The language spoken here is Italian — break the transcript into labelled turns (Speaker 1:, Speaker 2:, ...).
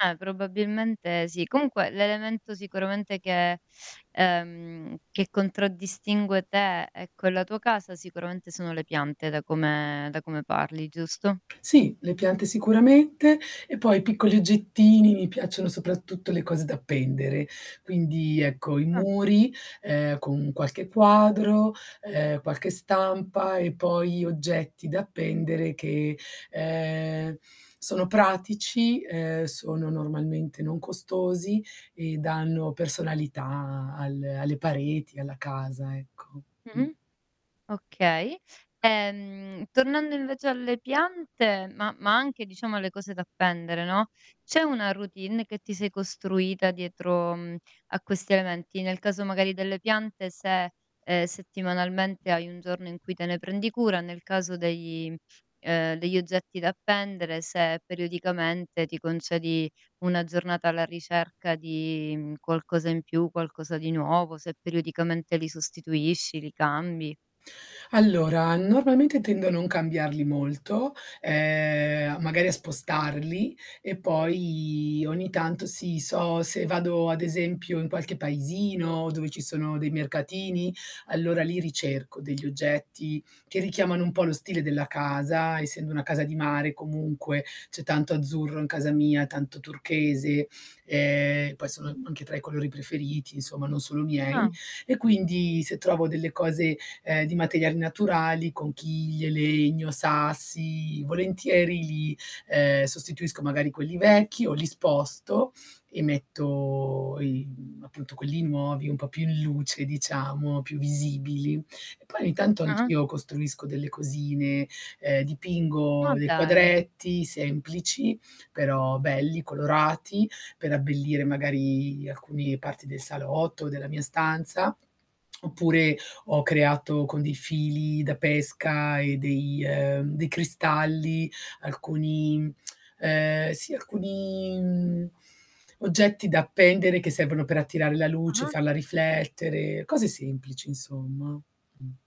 Speaker 1: Eh probabilmente sì. Comunque l'elemento sicuramente che ehm, che contraddistingue te e quella tua casa sicuramente sono le piante da come da come parli, giusto?
Speaker 2: Sì, le piante sicuramente e poi piccoli oggettini, mi piacciono soprattutto le cose da appendere. Quindi ecco i
Speaker 1: Mh.
Speaker 2: muri ehm, con qualche quadro, ehm, qualche stampa e poi oggetti da appendere che ehm sono pratici, ehm sono normalmente non costosi e danno personalità a al alle pareti, alla casa ecco mh.
Speaker 1: Mh-mh okay. Ehm, tornando invece alle piante, ma ma anche diciamo alle cose da appendere no, c'è una routine che ti sei costruita dietro mh a questi elementi? Nel caso magari delle piante se, ehm, settimanalmente hai un giorno in cui te ne prendi cura, nel caso dei, ehm, degli oggetti da appendere se periodicamente ti concedi una giornata alla ricerca di mhmm qualcosa in più, qualcosa di nuovo, se periodicamente li sostituisci, li cambi.
Speaker 2: Allora normalmente tendo a non cambiarli molto, ehm magari a spostarli e poi ogni tanto si so se vado ad esempio in qualche paesino dove ci sono dei mercatini, allora li ricerco degli oggetti che richiamano un po' lo stile della casa, essendo una casa di mare comunque, c'è tanto azzurro in casa mia, tanto turchese. Ehm poi sono anche tra i colori preferiti insomma, non solo
Speaker 1: Ah.
Speaker 2: miei, e quindi se trovo delle cose ehm di materiali naturali: conchiglie, legno, sassi, volentieri li ehm sostituisco magari quelli vecchi o li sposto e metto i mhmm appunto quelli nuovi, un po' più in luce diciamo, più visibili. E poi ogni tanto
Speaker 1: Ah-ah.
Speaker 2: anch'io costruisco delle cosine, ehm dipingo
Speaker 1: Ma
Speaker 2: dei
Speaker 1: dai.
Speaker 2: quadretti semplici però belli, colorati, per abbellire magari alcuni parti del salotto, o della mia stanza. Oppure ho creato con dei fili da pesca e dei ehm dei cristalli alcuni che mhmm, sì alcuni mhmm oggetti da appendere che servono per attirare la luce,
Speaker 1: Ah-ah
Speaker 2: farla riflettere, cose semplici insomma mh.